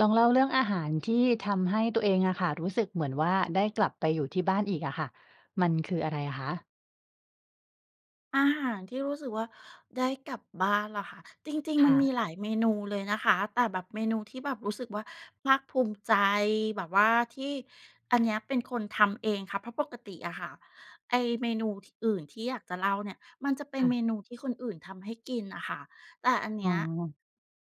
ลองเล่าเรื่องอาหารที่ทำให้ตัวเองอะค่ะ รู้สึกเหมือนว่าได้กลับไปอยู่ที่บ้านอีกอะค่ะ มันคืออะไรอะคะ? อาหารที่รู้สึกว่าได้กลับบ้านเหรอคะ? จริง คๆ มั่นมะ ีหลายเมนูเลยนะคะ แต่แบบเมนูที่แบบรู้สึกว่าภาคภูมิใจ แบบว่าที่ อันนี้เป็นคนทำเองค่ะ เพราะปกติอะค่ะ ไอ้เมนู ท อื่นที่อยากจะเล่าเนี่ย มันจะเป็นค่เะ มนูที่คนอื่นทำให้กินน่ะค่ะ แต่อันเอน๋ี้ย อ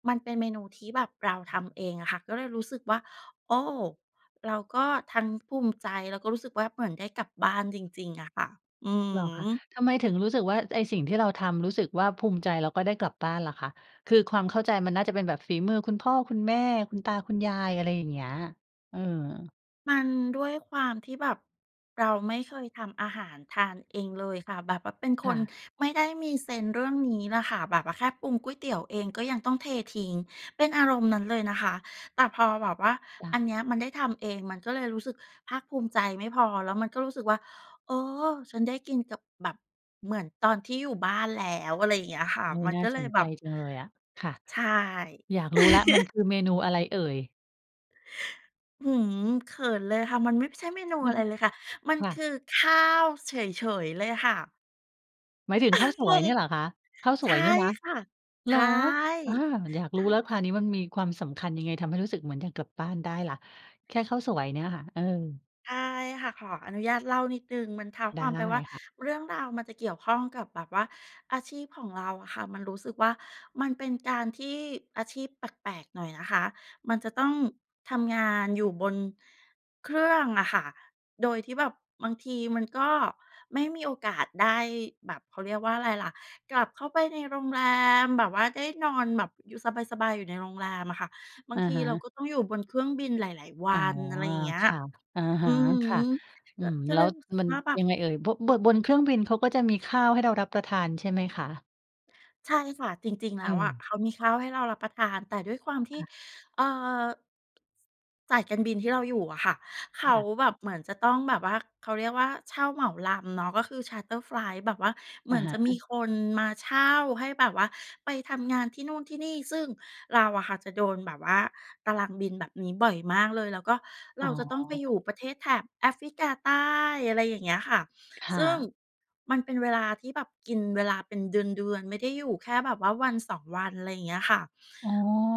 มันเป็นเมนูที่แบบเราทำเองอะค่ะ ก็เลยรู้สึกว่า โอ้ เราก็ทั้งภูมิใจ แล้วก็รู้สึกว่าเหมือนได้กลับบ้านจริง ๆ อะค่ะ อืเอหรอฮคะ? ึ ทำไมถึงรู้สึกว่าไอ้สิ่งที่เราทำรู้สึกว่าภูมิใจ แล้วก็ได้กลับบ้านล่ะคะ? คือความเข้าใจมันน่าจะเป็นแบบฝีมือคุณพ่อ คุณแม่ คุณตา คุณยาย อะไรอย่างเงี้ย เออ มันด้วยความที่แบบ เราไม่เคยทำอาหารทานเองเลยค่ะ แบบว่าเป็นคค่นะ ไม่ได้มีเซนส์เรื่องนี้ล่ะค่ะ แบบว่าแค่ปรุงก๋วยเตี๋ยวเอง ก็ยังต้องเททิ้งเป็นอารมณ์นั้นเลยนะคะ แต่พอแบบว่า จ้อัะ นเนี้ย มันได้ทำเองมันก็เลยรู้สึกภาคภูมิใจ ไม่พอ แล้วมันก็รู้สึกว่า เออ "ฉันได้กินกับ แบบ เหมือนตอนที่อยู่บ้านแล้ว" อะไรอย่างเงี้ยค่ะ อุ๊ย มันน่กา็เลสยนแใบจบ จังเลยอะ ค่ะ ใช่ อยากรู้แล้วมันคือเมนูอะไรเอ่ย? อื้อฮือ เขินเลยค่ะ มันมิบ ใช่เมนูอะไรเลยค่ะ มันค่คะ ือ ข้าว เฉย ๆ เลยค่ะ หมายถึงข้าวสงวยง เนี่ยเหรอคะ? ข้าวสใชวย่เนี่ยนะ? ค่ะ เใหชรอ? ่ อา อยากใชรู้แล้่ วค่ะ อันนี้มันมีความสำคัญยังไง? ทำให้รู้สึกเหมือนอยากกลับบ้านได้ล่ะ แค่ข้าวสวยเนี่ยค่ะ เออ ใช่ค่ะ ขออนุญาตเล่านิดหนึ่ง มันเท้าไคดว้ามไปว่า ค่ะ เรื่องราวมันจะเกี่ยวข้องกับแบบว่าอาชีพของเราอะค่ะ มันรู้สึกว่า มันเป็นการที่ อาชีพแปลก ๆ หน่อยนะคะ มันจะต้องทำงานอยู่บนเครื่องอะค่ะ โดยที่แบบบางทีมันก็ไม่มีโอกาสได้แบบ เขาเรียกว่าอะไรล่ะ กลับเข้าไปในโรงแรมแบบว่าได้นอนแบบอยู่สบาย ๆ อยู่ในโรงแรมอะค่ะ บาองะทีฮเราะ ก็ต้องอยู่บนเครื่องบินหลาย ๆ วอั๋อ น อะไรอา อย่างเงี้ย ค่ะ อะฮอืะ อค่ฮะ ึ อืก็ ม ก็แลเ้ลยวรู้สึกมันว่า แบยบ ังไงเอ่ย? โบ๊ะ เบิก บนเครื่องบินเขาก็จะมีข้าวให้เรารับประทาน ใช่ไหมคะ? ใช่ค่ะ จริง ๆ แล้วอะเออ เขามีข้าวให้เรารับประทาน แต่ด้วยความทีค่ ่ะ เอ่อ สายการบินที่เราอยู่อะค่ะ เขาค่ะ แบบเหมือนจะต้องแบบว่า เขาเรียกว่า เช่าเหมาลำเนาะ ก็คือ Charter Flight แบบว่าเหอมืะอนฮจะ ะมีคนมาเช่าให้แบบว่าไปทำงานที่นู่นที่นี่ ซึ่งเราอะค่ะจะโดนแบบว่าตารางบินแบบนี้บ่อยมากเลย แล้วก็เอร๋าอ จะต้องไปอยู่ประเทศแถบแอฟริกาใต้ อะไรอย่างเงี้ยค่ะ ค่ซึ่งะ มันเป็นเวลาที่แบบกินเวลาเป็นเดือน ๆ ไม่ได้อยู่แค่แบบว่าวัน 2 วัน ไรเงี้ยค่ะ อ๋อ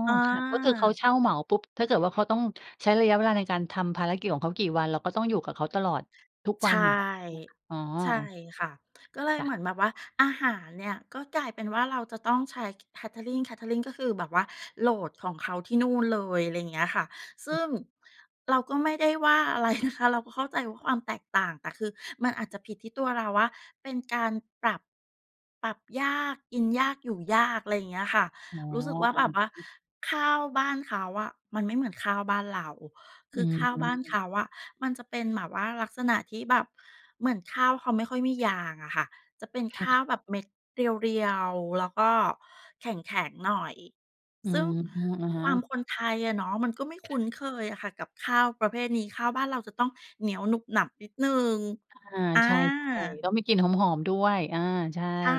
อา ค่ะ ก็คือเขาเช่าเหมาปุ๊บ ถ้าเกิดว่า เขาต้องใช้ระยะเวลาในการทำภารกิจของเขากี่วัน เราก็ต้องอยู่กับเขาตลอดทุกใชวัน ่ อย่างเงี้ย ใช่ไหมคะ? อ๋อ ใช่ออ ค่ะ ก็เลยจ้เหะ มือนแบบว่าอาหารเนี่ยก็กลายเป็นว่า เราจะต้องใช้ Catering Catering ก็คือแบบว่าโหลดของเขาที่นู่นเลย อะไรอย่างเงี้ยค่ะ ซึ่งเราก็ไม่ได้ว่า อะไร นะคะ เราก็เข้าใจว่า ความแตกต่าง แต่คือมันอาจจะผิดที่ตัวเราว่า เป็นการปรับ ปรับยาก กินยาก อยู่ยาก อะไรอย่างเงี้ยค่ะ อ๋อ รู้สึกว่า อะแบฮบว่าะ ข้าวบ้านเขาอะมันไม่เหมือนข้าวบ้านเรา คอืือข้าวบ้านเม ขาอะมันจะเป็นแบบว่าลักษณะที่แบบเหมือนข้าวเขาไม่ค่อยมียางอะค่ะ จะเป็นค่ข้ะ าวแบบเม็ดเรียว ๆ แล้วก็แข็ง ๆ หน่อย อืซึ่งม อะฮความะ คนไทยอะเนาะมันก็ไม่คคุ่้ะ นเคยอะค่ะกับข้าวประเภทนี้ ข้าวบ้านเราจะต้องเหนียวหนุบหนับนิดหนึ่ง อา อใช่ า ๆ ต้องมีกลิ่นหอม ๆ ด้วย อา ใช่ ใช่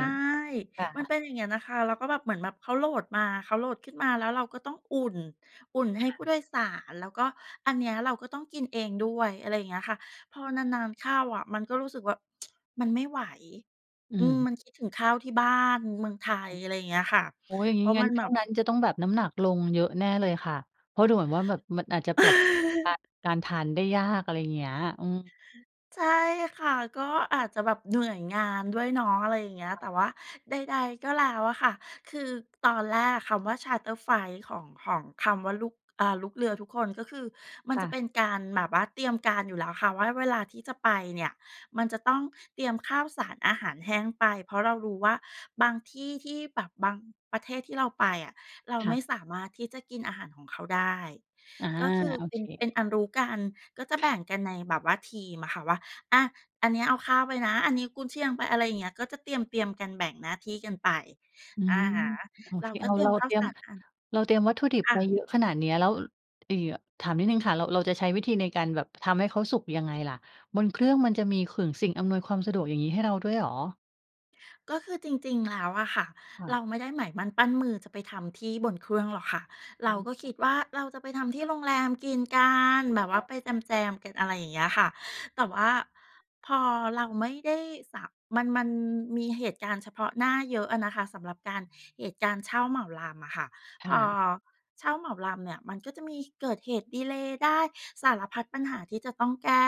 ค่มันะ เป็นอย่างเงี้ยน่ะค่ะ แล้วก็แบบเหมือนแบบเขาโหลดมา เขาโหลดขึ้นมาแล้วเราก็ต้องอุ่น อุ่นใคห้่ผู้ะ โดยสาร แล้วก็อันเนี้ยเราก็ต้องกินเองด้วย อะไรอย่างเงี้ยค่ะ พอนาน ๆ เข้าอะมันก็รู้สึกว่า มันไม่ไหว อือืม ม มันคิดถึงข้าวที่บ้าน เมืองไทค่ะ ย อะไรอย่างเงี้ยค่ะ โอ๊ย อย่างเงพีร้ าะงัม้ันนชแบ่วงบ นั้นจะต้องแบบน้ำหนักลงเยอะแน่เลยค่ะ เพราะดูเหมือนว่า แบบมันอาจจะปรับตัวกับการ การทานได้ยาก อะไรเงี้ย อืม ใช่ค่ะ ก็อาจจะแบบเหนื่อยงานด้วยเนาะ อะไรอย่างเงี้ย คแ่ต่ะ ว่าใด ๆ ก็แล้วอะค่ะ คือตอนแรกอะคำว่า Charter Flight ของ ของคำว่า ลูก อ่า ลูกเรือทุกคนก็คือมันค่จะะ เป็นการแบบว่าเตรียมการอยู่แล้วค่ะว่า เวลาที่จะไปเนี่ยมันจะต้องเตรียมข้าวสารอาหารแห้งไป เพราะเรารู้ว่า บางที่ที่แบบบางประเทศที่เราไปอะเราค่ไมะ ่สามารถที่จะกินอาหารของเขาได้ อา ก็คือโอเป็เน เป็ค นอันรู้กัน ก็จะคแบ่่ะ งกันในแบบว่าทีมอะค่ะว่า "อะ อันเนี้ยเอาข้าวไปนะ อันนี้กุนเชียงไป" อะไรอย่างเงี้ย ก็จะเตรียม ๆ กัน แบ่งหน้าที่กันไป อือะม ฮะ โอเรเค าก็อ้าเตว รีเยรามข้าเตวรีสยม ารอัน เราเตรียมวัตถุดิบค่ไปะ เยอะขนาดเนี้ยแล้ว อีเย่อะ ถามนิดหนึ่งค่ะเรา เราจะใช้วิธีในการแบบทำให้เขาสุกยังไงล่ะ? บนเครื่องมันจะมีขึ่ง สิ่งอำนวยความสะดวก อย่างงี้ ให้เราด้วยเหรอ? ก็คือจริง ๆ แล้วอะค่ะค่ะ เราไม่ได้หมายมั่นปั้นมือจะไปทำที่บนเครื่องหรอกค่ะ เอ๋ราก็คอ ิดว่า เราจะไปทำที่โรงแรมกินกัน แบอ๋อ บว่าไปแคจ่ะ ม ๆ กัน อะไรอย่างเงี้ยค่ะ แต่ว่าพอเราไม่ได้ สะ มัน มันมีเหตุการณ์เฉพาะหน้าเยอะอะนะคะสำหรับการ เหตุการณ์เช่าเหมาลำอะค่ะ คพ่อะ เช่าเหมาลำเนี่ยมันก็จะมีเกิดเหตุดีเลย์ได้ สารพัดปัญหาที่จะต้องแก้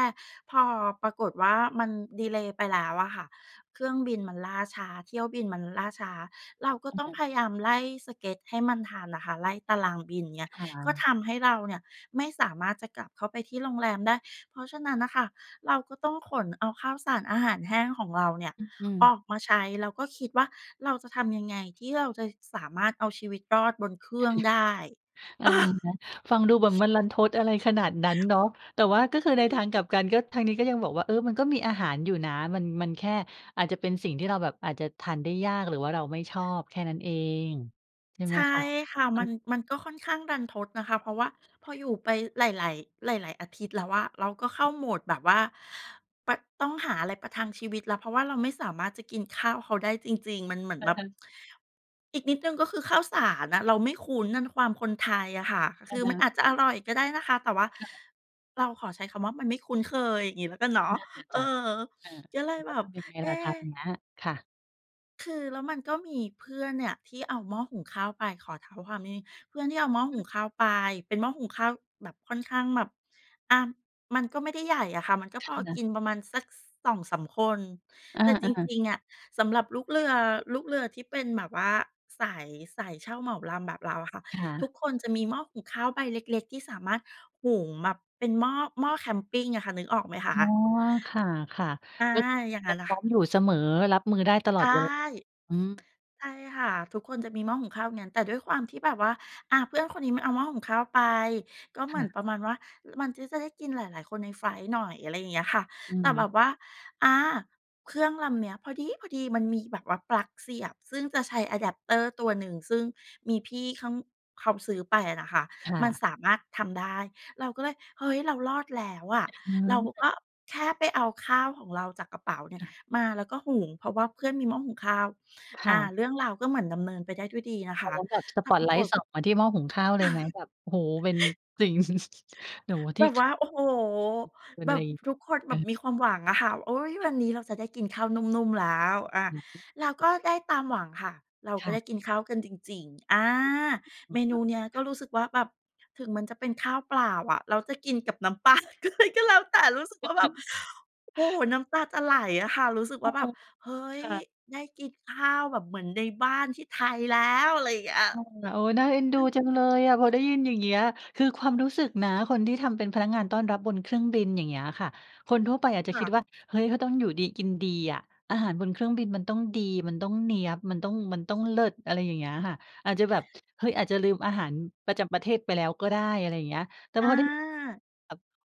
พอ ปรากฏว่า มันดีเลย์ไปแล้วอะค่ะ เครื่องบินมันล่าช้า เที่ยวบินมัน ล ล่าช้า เราก็อะต้อฮงะ พยายามไล่สเก็ดให้มันทันน่ะค่ะ ไล่ตารางบิน เงี่ย ค่ก็ะ ทำให้เราเนี่ยไม่สามารถจะกลับเข้าไปที่โรงแรมได้ เพราะฉะนั้นน่ะค่ะ เราก็ต้องขนเอาข้าวสาร อาหารแห้งของเราเนี่ยอือ อืม ออกมาใช้ แล้วก็คิดว่า เราจะทำยังไง? ที่เราจะสามารถเอาชีวิตรอดบนเครือ่องได้ ะฮะ ฟังดูเหมือนมันรันทดอะไรขนาดนั้นเนาะ แต่ว่าก็คือรใันนททด างกลับกันก็ ทางนี้ก็ยังบอกว่า เออ มันก็มีอาหารอยู่นะ มัน มันแค่อาจจะเป็นสิ่งที่เราแบบอาจจะทานได้ยาก หรือว่าเราไม่ชอบแค่นั้นเอง ใช่ใไชหม่คะ? ค่ะ เอมัน อ มันก็ค่อนข้างรันทดนะคะ เพราะว่าพออยู่ไปหลาย ๆ หลาย ๆ อาทิตย์แล้วอะเราก็เข้าโหมดแบบว่าปัด ต้องหาอะไรประทังชีวิตแล้ว เพราะว่าเราไม่สามารถจะกินข้าวเขาได้จริง ๆ มันเหมือนอืแบอบ ฮึ อีกนิดหนึ่งก็คือข้าวสารน่ะ เราไม่คุ้นน่ะด้วยความคนไทยอะค่ะ อคะือฮมะ ันอาจจคะ่อะ ร่อยก็ได้นะคะ แต่ว่า ค่ะ เราขอใช้คำว่า มันไม่คุ้นเคย อย่างงี้แล้วกันเนอา นัา่ะ นน่ะเอจอ ้ะ เออ ก็เลยแลแ้บวทบ ำยังไงเอล่ะ๊ คราวเนี้ย? ค่ะ คือแล้วมันก็มีเพื่อนเนี่ยที่เอาหม้อหุงข้าวไป ขอเท้าความนิดหนึ่ง เพื่อนที่เอาหม้ออือหฮุึ งข้าวไป เป็นหม้อหุงข้าวแบบค่อนข้างแบบ อะ มันก็ไม่ได้ใหญ่อะค่ะ มันก็คพอ่ะ กินประมาณสัก ส 2-3 คน อแต่จา ๆ ริง ๆ อะสำหรับลูกเรือ ลูกเรือที่เป็นแบบว่าสาย สายเช่าเหมาลำแบบเราอะค่ะ ค่ทะ ุกคนจะมีหม้อหุงข้าวใบเล็ก ๆ ที่สามารถหุงแบบเป็นหม้อ หม้อแคมปิงอะค่ะ นึกออกไหมคอ๋อ ะ? อา ค่ะ อา ๆ ก็คืออย่างงจะั้นแหลพะร้คอ่ะ มอยู่เสมอ รับมือได้ตลใอชด่ เว อืม ใช่ค่ะ ทุกคนจะมีหม้อหุงข้าวงั้น แต่ด้วยความที่แบบว่า อะ เพื่อนคนนี้มันเอาหม้อหุงข้าวไป ก็เคหมือ่นะ ประมาณว่า ล มันก็จะได้กินหลาย ๆ คนในไฟลต์หน่อย อะไรอย่างเงี้ยค่ะ อแืต่แบม บว่า อา เครื่องลำเนี้ยพอดี๊พอดีมันมีแบบว่าปลั๊กเสียบ ซึ่งจะใช้ อะแด็ปเตอร์ ตัวหนึ่ง ซึ่งมีพี่เข้า เขาซื้อไปอะนะคะ ค่มันะ สามารถทำได้ เราก็เลย เฮ้ย! เรารอดแล้วอะ เรากเออ ็แค่ไปเอาข้าวของเราจากกระเป๋าเนี่ยค่ะ มาแล้วก็หุง เพราะว่าเพื่อนมีหม้อหุงข้าว คอ่า ะ เรื่องราวก็เหมือนดำเนินไปได้ด้วยดีนะคตอะ นนั้นแบบสแต่ปอปตราไลกตฏ ์ส่องมาที่หม้อหุงข้าวเลยไหม? แบบ โอ้โฮ! เป็น จริง แต่ว่าทแีบ่ บค ว่า โอ้โฮ! เป็นแบอะไร? บทุกคนแเบอบอ มีความหวังอะค่ะว่า โอ๊ย! คว่ะ ันนี้เราจะได้กินข้าวนุ่ม ๆ แล้ว อะ อือฮึ แล้วก็ได้ตามหวังค่ะ เราคก็่ะ ได้กินข้าวกันจริง ๆ อา อืเอ มนโูอเนเคี้ยกค็่ะ รู้สึกว่า แบบถึงมันจะเป็นข้าวเปล่าอะ แล้วจะกินกับน้ำ ปลาเลยก็แล้วแต่ รู้สึกว่าแบบ โอ้โฮ น้ำตาจะไหลอะค่ะ รู้สึกโวอ่้า แโฮ บบ เฮ้คย! ่ะ ได้กินข้าวแบบเหมือนในบ้านที่ไทยแล้ว อะไรอย่างเงี้ย โอ้โฮ โอ้ น่าเอ็นดูจังเลย อะ พอได้ยินอย่างเงี้ย คือความรู้สึกนะ คนที่ทำเป็นพนักงานต้อนรับบนเครื่องบิน อย่างเงี้ยค่ะ คนทั่วไปอาจจะคค่ิดะ ว่า เฮ้ย! เขาต้องอยู่ดีกินดีอะ อาหารบนเครื่องบินมันต้องดี มันต้องเนี้ยบ มันต้อง มันต้องเลิศ อะไรอย่างเงี้ยค่ะ อาจจะแบบ เฮ้ย! อาจจะลืมอาหารประจำประเทศไปแล้วก็ได้ อะไรอย่างเงี้ย แต่อพอได้ยิน แบบ า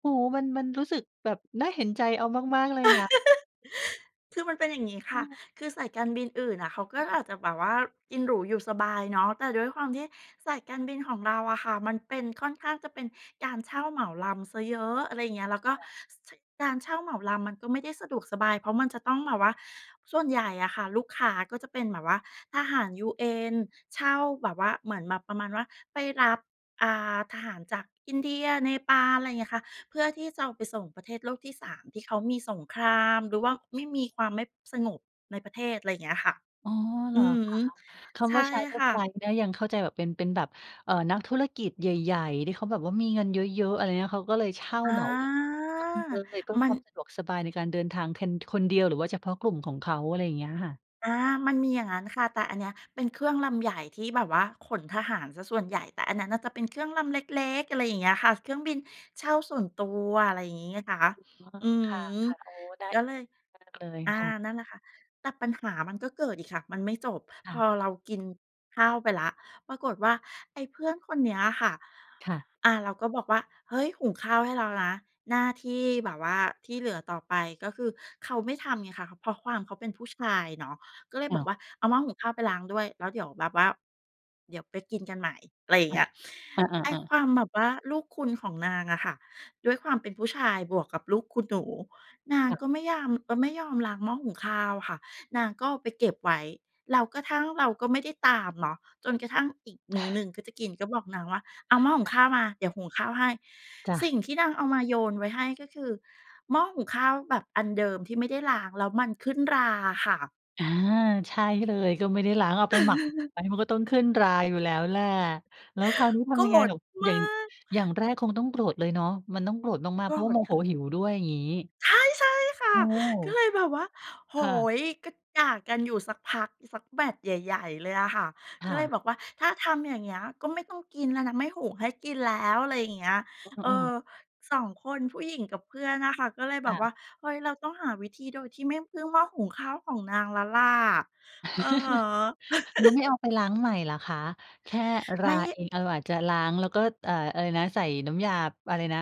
โอ้โฮ้ มัน มันรู้สึกแบบน่าเห็นใจเอามาก ๆ เลยนะ คือมันเป็นอย่างงี้ค่ะ อือ คือสายการบินอื่นน่ะเขาก็ค่อะ าจจะแบบว่ากินหรูอยู่สบายเนาะ แต่ด้วยความที่สายการบินของเราอะค่ะมันเป็น ค่อนข้างจะเป็นการเช่าเหมาลำเสียเยอะ อะไรอย่างเงี้ย แล้วก็ ค่ะ ส เช่ย การเช่าเหมาลำมันก็ไม่ได้สะดวกสบาย เพราะมันจะต้องแบบว่า ส่วนใหญ่อะค่ะลูกค้าก็จะเป็นแบบว่าทหาร UN เช่าแบบว่าเหมือนแบบประมาณว่า ไปรับ อ่า ทหารจากอินเดีย เนปาล ไรเงี้ยค่ะ เพื่อที่จะเอาไปส่งประเทศโลกที่ 3 ที่เขามีสงครามหรือว่าไม่มีความไม่ สงบในประเทศ อะไรเงี้ยค่ะ อ๋อ เหรออือคะ? ฮึ คใชำว่า ่Charter ค่ะ Flight เนี่ยยังเข้าใจแบบเป็น เป็นแบบ เอ่อ นักธุรกิจใหญ่ ๆ ที่เขาแบบว่ามีเงินเยอะ ๆ อะไรเงี้ย เขาก็เลยเช่าอา เหมาลำ [unintelligible] เลย เพื่อมัคน วามสะดวกสบายในการเดินทางแคน คนเดียวหรือว่าเฉพาะกลุ่มของเขา อะไรอย่างเงี้ยค่ะ อา มันมีอย่างงั้นค่ะ แต่อันเนี้ยเป็นเครื่องลำใหญ่ที่แบบว่าขนทหารเสียส่วนใหญ่ แต่อันนั้นน่ะจะเป็นเครื่องลำเล็ก ๆ อะไรอย่างเงี้ยค่ะ เครื่องบินเช่าส่วนตัว อะไรอย่างงี้ไงคะ อ๋อ อือคฮ่ึ ะ ๆ โอ้โฮ ได้ ก็เลย [unintelligible] มากเลยอา ค่ะ นั่นน่ะค่ะ แต่ปัญหามันก็เกิดอีกค่ะ มันไม่จบ คพ่อะ เรากินข้าวไปแล้ว ปรากฏว่า ไอ้เพื่อนคนเนี้ยค่ะ ค่ะ อา เราก็บอกว่า "เฮ้ย! หุงข้าวให้แล้วนะ" หน้าที่แบบว่าที่เหลือต่อไปก็คือเขาไม่ทำไงคะ เขา เพราะความเขาเป็นผู้ชายเนาะก็เลยอ้บาอกว ว่า "เอาหม้อหุงข้าวไปล้างด้วย แล้วเดี๋ยวแบบว่าเดี๋ยวไปกินกันใหม่" อะไรอย่คาง่เะ งี้ย อไอ้า คๆ ๆ วามแบบว่าลูกคุณของนางอะค่ะ ด้วยความเป็นผู้ชายบวกกับลูกคุณหนู นางค่ะ ก็ไม่ยาม เอ่อ ไม่ยอมล้างหม้อหุงข้าวค่ะ นางก็เอาไปเก็บไว้ แล้วกระทั่ง เราก็ไม่ได้ตามเนาะ จนกระทั่งอีกมื้อหนึ่งก็จะกินก็บอกนางว่า "เอาหม้อหุจง้ะ ข้าวมา เดี๋ยวหุงข้าวให้" จ้ะ สิ่งที่นางเอามาโยนไว้ให้ก็คือหม้อหุงข้าวแบบอันเดิมที่ไม่ได้ล้างแล้วมันขึ้นราอะค่ะ อา ใช่เลย ก็ไม่ได้ล้าง เอาไปหมัก ไว้ มันก็ต้องขึ้นราอยู่แล้วแหละ แล้วคราวนี้ทโกำรยังไงธนุ่? มอย่าาง ก อย่างแรกคงต้องโกรธเลยเนาะ มันต้องโกรธมาโกก ๆ เรพราะว่าโธมคโห่ะ หิวด้วย งี้ ใช่ ใช่ค่ะ โอ้ ก็เลยแบบว่า โอ้ค่โะ ฮ! ก็ด่ากันอยู่สักพัก สักแมตช์ใหญ่ ๆ เลยอะค่ะ คก็่เลยะ บอกว่า "ถ้าทำอย่างเงี้ยก็ไม่ต้องกินแล้วนะ ไม่หุงให้กินแล้ว" อะไรอย่างเงี้ย เเออ ออ ๆ 2 คนผู้หญิงกับเพื่อนน่ะค่ะ ก็เลยอแบ้าบวว ่า เฮ้ย! เราต้องหาวิธีโดยที่ไม่พึ่งหม้อหุงข้าวของนางแล้วล่ะ อือฮึ แล้วไม่เอาไปล้างใหม่เหรอคะ? แค่รไมา่ เอง เราอาจจะล้างแล้วก็ เอ่อ อะไรนะ ใส่น้ำยา บ อะไรนะ?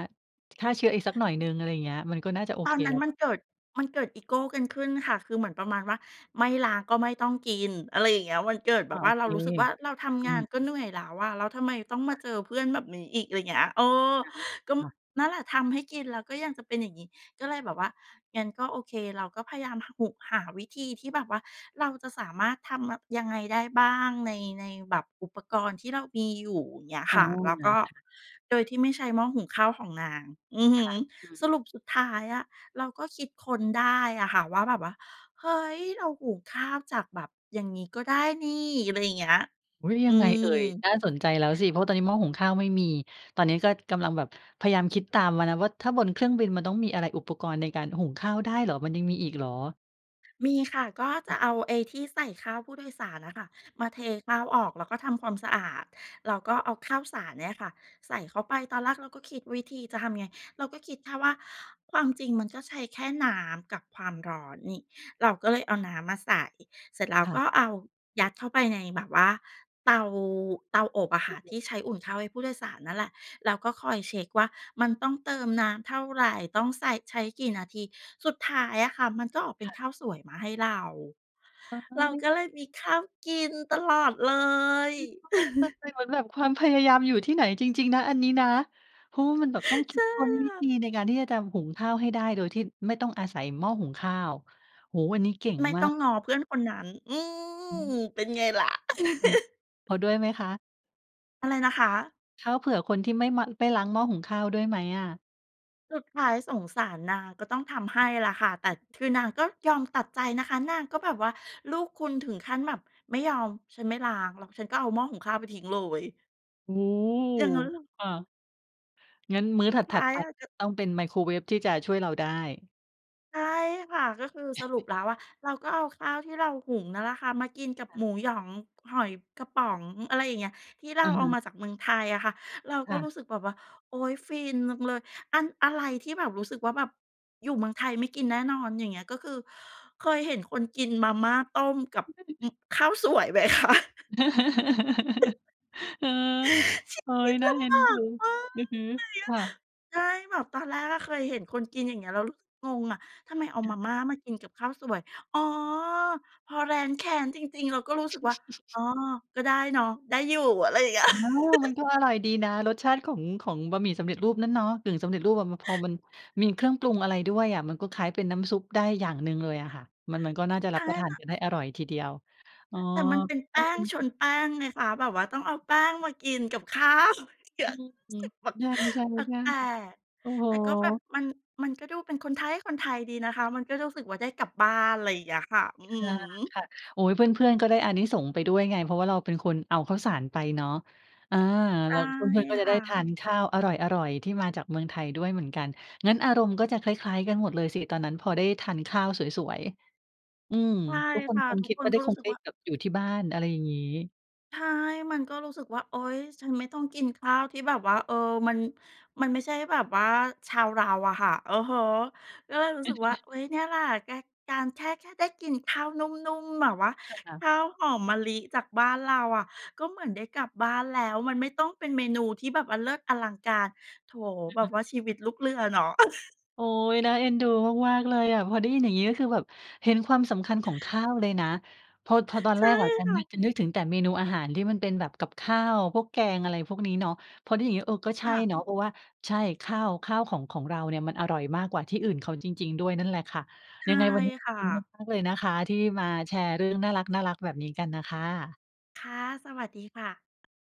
ฆ่าเชื้ออีกสักหน่อยหนึ่ง อะไรอย่างเงี้ย มันก็น่าจะโอตเอคนนัแ้ล้นวมัเปนล่า? เกิด มันเกิดอีโกกันขึ้นค่ะ คือเหมือนประมาณว่า ไม่ล้างก็ไม่ต้องกิน อะไรอย่างเงี้อ ย มันเกิดอ แบอ้าบว วโ่อา เรเาค รู้สึกว่า เราทอำืงานม ก็เๆ หนื่อยแล้วอะ แล้วทำไมต้องมคา่ะ เจอเพื่อนแบบนี้อีก อะไรเงี้ย เออ อะฮะ ก็ ม ค่ะ นั่นแหละทำให้กินแล้วก็ยังจะเป็นอย่างงี้ ก็เลยแบบว่า งั้นก็โอเค เราก็พยายามหะ หุ หาวิธีที่แบบว่าเราจะสามารถทำม่ะ ยังไงได้บ้างใน ในแบบอุปกรณ์ที่เรามีอยู่ เงี้ยอ๋คอ ่ะ แล้วงก่ะ ็ค่ะ โดยที่ไม่ใช้หม้อหุงข้าวของนาง อือฮคึ ่ะ อืม สรุป สุดท้ายอะเราก็คิดค้นได้อะค่ะว่า แบบว่า เฮ้ย! เราหุงข้าวจากแบบอย่างงี้ก็ได้นี่ อะไรอย่างเงี้ย อุ๊ย! อยืังไงเอ่ย? ม น่าสนใจแล้วสิ เพราะตอนนี้หม้อหุงข้าวไม่มี ตอนเนี้ยก็กำลังแบบพยายามคิดตามวานะว่า ถ้าบนเครื่องบินมันต้องมีอะไร? อุปกรณ์ในการหุงข้าว ได้เหรอ? มันยังมีอีกเหรอ? มีค่ะ ก็จะเอาไอ้ที่ใส่ข้าวผู้โดยสารน่ะค่ะ มาเทข้าวออก แล้วก็ทำความสะอาด เราก็เอาข้าวสารเนี่ยอะค่ะใส่เข้าไป ตอนแรกเราก็คิดวิธีจะทำไง เราก็คิดแค่ว่า "ความจริงมันก็ใช้แค่น้ำกับความร้อนนี่" เราก็เลยเอาน้ำมาใส่ เสร็จแล้วค่ก็ะ เอายัดเข้าไปในแบบว่าเตา เตาอบอะคเต่าะ อทบ ี่ใช้อุ่นข้าวให้ผู้โดยสารนั่นแหละ เราก็คอยเช็กว่ามันต้องเติมน้ำเท่าไร ต้องใส่ ใช้กี่นาที สุดท้ายอะค่ะ มันก็ออกเป็คน่ขะ ้าวสวยมาให้เรา เฮเรา้ก็ย เลยมีข้าวกินตลอดเลย คิดว่ามันเป็นเหมือนแบบความพยายามอยู่ที่ไหนจริง ๆ นะ อันนี้นะ เพราะว่ามันแบบต้อง คใชิด่ค้นวิค่ธะ ีในการที่จะทำ หุงข้าวให้ได้โดยที่ไม่ต้องอาศัยหม้อหุงข้าว โอ้โฮ! อันนี้เก่งไม่มาต้องก ง้อเพื่อนคนนั้น อือือ ม เป็นไงล่ะ เราหุง เขาด้วยไหมคะ? อะไรนะคะ? ข้าวเผื่อคนที่ไม่มะ ไม่ล้างหม้อหุงข้าวด้วยไหมอะ? สุดท้ายสงสารนาง ก็ต้องทำให้ล่ะค่ะ แต่คือนางก็ยอมตัดใจนะคะ นางก็แบบว่าลูกคุณถึงขั้นแบบ "ไม่ยอม ฉันไม่ล้างหรอก ฉันก็เอาหม้อหุงข้าวไปทิ้งเลย" โอ้โอย่างงั้นฮ! เหรอ? ค่ะ งั้นมื้อสุถดทั้ด ายๆ ไปอะ จะ ต้องเป็นไมโครเวฟที่จะช่วยเราได้ ใช่ค่ะ ก็คือสรุปแล้วอะ เราก็เอาข้าวที่เราหุงนั่นล่ะค่ะ มากินกับค่หะ มูหยอง หอยกระป๋อง อะไรอย่างเงี้ย ที่เราอะเอฮาะ มาจากเมืองไทยอะค่ะ เราคก็่ะ รู้สึกแบบว่า โอ๊ย ฟินลังเลย อัน อะไรที่แบบรู้สึกว่าแบบ อยู่เมืองไทยไม่กินแน่นอน อย่างเงี้ย ก็คือเคยเห็นคนกินมาม่าต้มกับอึบ ข้าว สวยไหมคะ? เออ โอ๊ชีวย ิตน่าลเอ็ำบนาดู กมาก อือฮึ เหนื่อยเยคอะ ่ะ ใช่ แบบตอนแรกก็เคยเห็นคนกิน อย่างเงี้ย แล้วรู้สึกงงอะ ทำไมเอาค่มะ าม่ามากินกับข้าวสวย อ๋อ! พอแร้นแค้นจริง ๆ เราก็รู้สึกว่า อ๋อ ก็ได้เนาะ ได้อยู่ อะไรเงี้ย อ๋อ มันก็อร่อยดีนะ รสชาติของ ของบะหมี่สำเร็จรูปนั้นเนาะ กึ่งสำเร็จรูปอะ ว พอมันมีเครื่องปรุงอะไรด้วยอะ มันก็คล้ายเป็นน้ำซุปได้อย่างหนึ่งเลยอะค่ะ มัน มันก็น่าจะครัลบ้าประยทาเนนาะ กันได้อร่อยทีเดียว อ๋อ แต่มันเป็นแปน่า้เอง็นชดู นแป้งไงคะ แบบว่าต้องเอาแป้งมากินกับ ข้าว เกือือก รู้สม ึกแปลๆ ใช่ ก แปลๆ ก ๆ โอ้โฮ ๆ แต่ก็แบบมัน มันก็ดูเป็นคนไท๊คนไทยดีนะคะ มันก็รู้สึกว่าได้กลับบ้าน อะไรเงี้ยค่ะ อือฮึ ค่ะ ๆ โอ้โฮ เพื่อน ๆ ก็ได้อานิสงส์ไปด้วยไง เพราะว่าเราเป็นคนเอาข้าวสารไปเนาะ อา ไดแล้้วเพื่อน ๆ ก็จคะไ่ด้ทานะ ข้าวอร่อย ๆ ที่มาจากเมืองไทยด้วยเหมือนกัน งั้นอารมณ์ก็จะคล้าย ๆ กันหมดเลยสิ ตอนนั้นพอได้ทานข้าวสวย ๆ อืม ใช่ทุกคคน่ะ คงทุคกิดคว่นาไกด้็รคู้ง สึไกด้ว่า แบบอยู่ที่บ้าน อะไรอย่างงี้ ใช่ มันก็รู้สึกว่า โอ๊ย ฉันไม่ต้องกินข้าวที่แบบว่า เออ มัน มันไม่ใช่แบบว่าชาวเราอะค่ะ อือฮึ ก็เลยรู้สึกว่า อุ๊ย เนี่ยแหละ ก การแค่ แค่ได้กินข้าวนุ่ม ๆ แบบว่า ใช่ค่ขะ ้าวหอมมะลิจากบ้านเราอะ ก็เหมือนได้กลับบ้านแล้ว มันไม่ต้องเป็นเมนูที่แบบ อะ เลิศอลังการ โถ อือแบฮบว่ึ าชีวิตลูกเรือเนาะ โอ๊ย! น่าเอ็นดูมาก ๆ เลยอะ พอได้ยินอย่างงี้ ก็คือแบบเห็นความสำคัญของข้าวเลยนะ ทดทอดอนใชแร่กอะจะค่นึะ ก จะนึกถึงแต่เมนูอาหารที่มันเป็นแบบกับข้าว พวกแกง อะไรพวกนี้เนาะ พอได้ยิน อย่างงี้ เออ ก็ใชค่่ะ เนาะ เพราะว่า ใช่ ข้าว ข้าวของ ของเราเนี่ยมันอร่อยมากกว่าที่อื่นเขาจริง ๆ ด้วยนั่นแหละค่ะ ใชย่ังไงวันนี้ขคอ่บคุณะ มาก ๆ เลยนะคะ ที่มาแชร์เรื่องน่ารัก ๆ แบบนี้กันน่ะค่ะ ค่ะ สวัสดีค่ะ